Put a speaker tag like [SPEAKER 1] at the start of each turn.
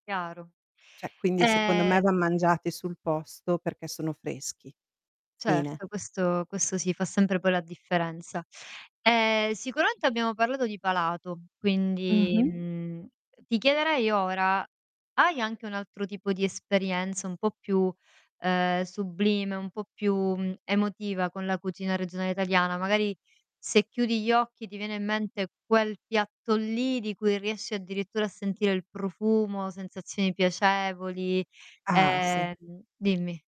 [SPEAKER 1] Chiaro,
[SPEAKER 2] Cioè, quindi secondo me
[SPEAKER 1] e
[SPEAKER 2] van mangiati sul posto perché sono freschi. Fine.
[SPEAKER 1] Certo, questo questo sì, fa sempre poi la differenza. Ehm, sicuramente abbiamo parlato di palato, quindi,
[SPEAKER 2] Mh-mh
[SPEAKER 1] mhmm, ti chiederei ora, hai anche un altro tipo di esperienza un po' più, uhm, sublime, un po' più, mhmm, emotiva con la cucina regionale italiana? Magari, se chiudi gli occhi ti viene in mente quel piatto lì di cui riesci addirittura a sentire il profumo, sensazioni piacevoli,
[SPEAKER 2] Ah, sì.
[SPEAKER 1] ehm Dimmi.